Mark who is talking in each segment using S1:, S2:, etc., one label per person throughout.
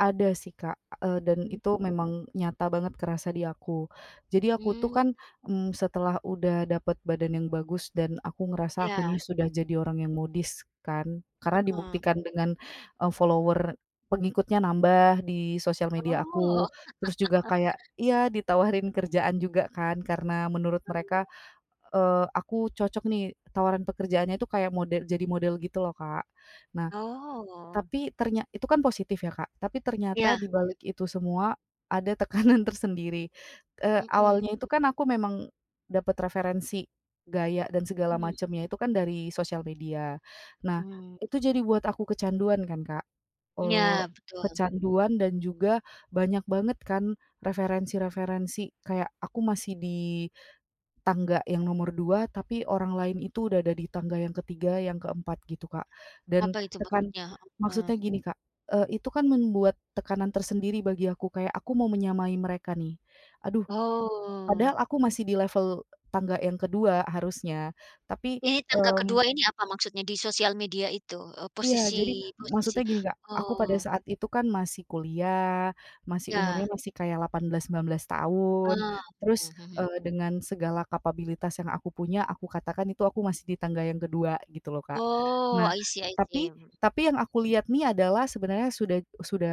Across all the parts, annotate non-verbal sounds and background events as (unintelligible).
S1: Ada sih Kak, eee, dan itu
S2: Mhm.
S1: memang nyata banget kerasa di aku, jadi aku tuh
S2: Mmm.
S1: kan, mmm, setelah udah dapet badan yang bagus dan aku ngerasa aku
S2: Iya.
S1: nih sudah jadi orang yang modis kan, karena
S2: Heeh.
S1: dibuktikan dengan, eee, follower pengikutnya nambah di sosial media aku,
S2: Oh.
S1: terus juga
S2: (laughs)
S1: kayak iya ditawarin kerjaan juga kan, karena menurut mereka,
S2: (unintelligible)
S1: eee, aku cocok nih tawaran pekerjaannya itu kayak mode jadi model gitu loh Kak, nah,
S2: Oh.
S1: tapi ternya itu kan positif ya Kak, tapi
S2: Iya
S1: ternyata
S2: iya.
S1: dibalik itu semua, ada tekanan tersendiri, eee,
S2: Mhm,
S1: awalnya itu
S2: mmm.
S1: kan aku memang, dapat referensi, gaya dan segala
S2: Mmm.
S1: macemnya itu kan dari sosial media. Nah,
S2: Mmm.
S1: itu jadi buat aku kecanduan kan Kak, eee,
S2: Iya, betul.
S1: kecanduan dan juga, banyak banget kan referensi-referensi kayak aku masih di, tangga yang nomor 2 tapi orang lain itu udah ada di tangga yang ketiga yang keempat gitu, Kak. Dan
S2: Apa itu
S1: tekan
S2: maksudnya heeh.
S1: maksudnya gini Kak, eee, itu kan membuat tekanan tersendiri bagi aku, kayak aku mau menyamai mereka nih, aduh,
S2: Oh.
S1: padahal aku masih di level tangga yang kedua harusnya, tapi,
S2: Ini tangga
S1: mmm.
S2: kedua ini apa maksudnya di sosial media itu, eee,
S1: Iya,
S2: posisi
S1: jadi maksudnya
S2: posisi
S1: gini Kak, aku pada
S2: oh.
S1: saat itu kan masih kuliah, masih
S2: Iya.
S1: umurnya masih kayak 18, 19, tahun
S2: Eee,
S1: terus,
S2: mhm mhm.
S1: eee, dengan segala kapabilitas yang aku punya, aku katakan itu aku masih di tangga yang kedua gitu loh Kak.
S2: Oh,
S1: Nah,
S2: i see i see.
S1: tapi tapi yang aku lihat nih adalah sebenarnya sudah sudah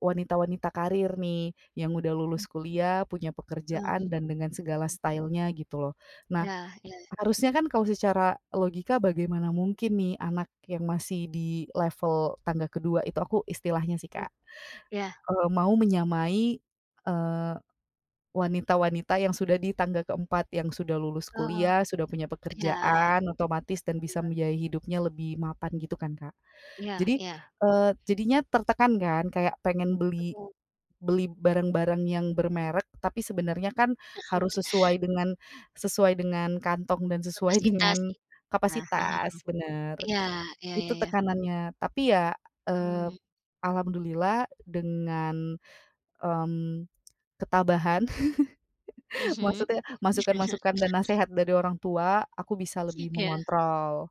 S1: wanita-wanita karir nih, yang udah
S2: Iya.
S1: lulus kuliah punya
S2: Mmm.
S1: pekerjaan dan dengan segala
S2: Mhm.
S1: style-nya gitu loh. Nah,
S2: Iya iya.
S1: harusnya kan kalau secara logika, bagaimana mungkin nih anak yang masih di level tangga kedua itu aku, istilahnya sih
S2: Eh,
S1: Kak,
S2: iya.
S1: eee, mau menyamai eee, wanita-wanita yang sudah di tangga keempat yang sudah lulus
S2: Oh,
S1: kuliah, sudah punya
S2: iya.
S1: pekerjaan, otomatis dan bisa
S2: (unintelligible)
S1: membiayai hidupnya lebih mapan gitu kan, Kak.
S2: Iya
S1: Jadi,
S2: iya.
S1: eee, jadinya tertekan kan kayak pengen beli
S2: Bener.
S1: beli barang-barang yang bermerk tapi sebenarnya kan, harus
S2: (chuckles)
S1: sesuai dengan sesuai dengan kantong dan sesuai dengan
S2: Kapasitas. (unintelligible) Ah hah.
S1: kapasitas bener.
S2: Iya, iya ya
S1: Itu
S2: ya.
S1: tekanannya, tapi ya, eee,
S2: Mmm.
S1: alhamdulillah dengan, mmm, ketabahan (chuckles)
S2: Mhm.
S1: maksudnya
S2: (chuckles)
S1: masukan-masukan dan nasehat dari orang tua, aku bisa lebih
S2: (unintelligible) Iya.
S1: mengontrol.